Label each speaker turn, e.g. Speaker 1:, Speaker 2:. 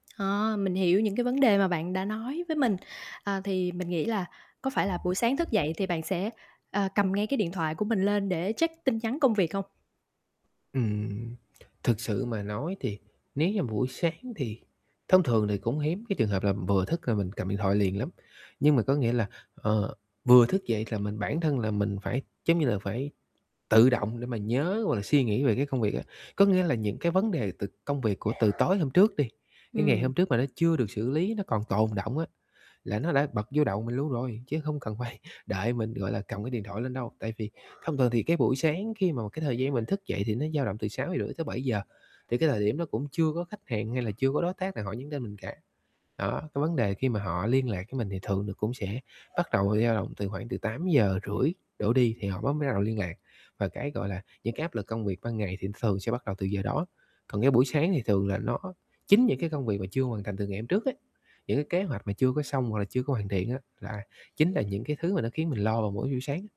Speaker 1: Ờ, mình hiểu những cái vấn đề mà bạn đã nói với mình. À, thì mình nghĩ là có phải là buổi sáng thức dậy thì bạn sẽ, ờ, cầm ngay cái điện thoại của mình lên để check tin nhắn công việc hông?
Speaker 2: Ừm. Thực sự mà nói thì nếu như buổi sáng thì thông thường thì cũng hiếm cái trường hợp là vừa thức gà mình cầm điện thoại liền lắm, nhưng mà có nghĩa là, ờ, vừa thức dậy là mình bản thân là mình phải, giống như là, phải tự động để mà nhớ, hoặc là suy nghĩ về cái công việc á. Có nghĩa là những cái vấn đề từ công việc của từ tối hôm trước đi, cái ngày
Speaker 1: Ừm.
Speaker 2: hôm trước mà nó chưa được xử lý, nó còn tồn đọng á, là nó đã bật vô đầu mình luôn rồi, chứ không cần phải đợi mình, gọi là, cầm cái điện thoại lên đâu. Tại vì thông thường thì cái buổi sáng khi mà một cái thời gian mình thức dậy thì nó dao động từ 6:30-7:00, thì cái thời điểm đó cũng chưa có khách hàng, hay là chưa có đối tác nào họ nhắn tin mình cả, đó. Cái vấn đề khi mà họ liên lạc với mình thì thường là cũng sẽ bắt đầu dao động từ khoảng từ 8:30 đổ đi thì họ bắt mới bắt đầu liên lạc, và cái, gọi là, những cái áp lực công việc ban ngày thì nó thường sẽ bắt đầu từ giờ đó. Còn cái buổi sáng thì thường là nó chính những cái công việc mà chưa hoàn thành từ ngày hôm trước á, những cái kế hoạch mà chưa có xong, hoặc là chưa có hoàn thiện á, là chính là những cái thứ mà nó khiến mình lo vào mỗi buổi sáng á.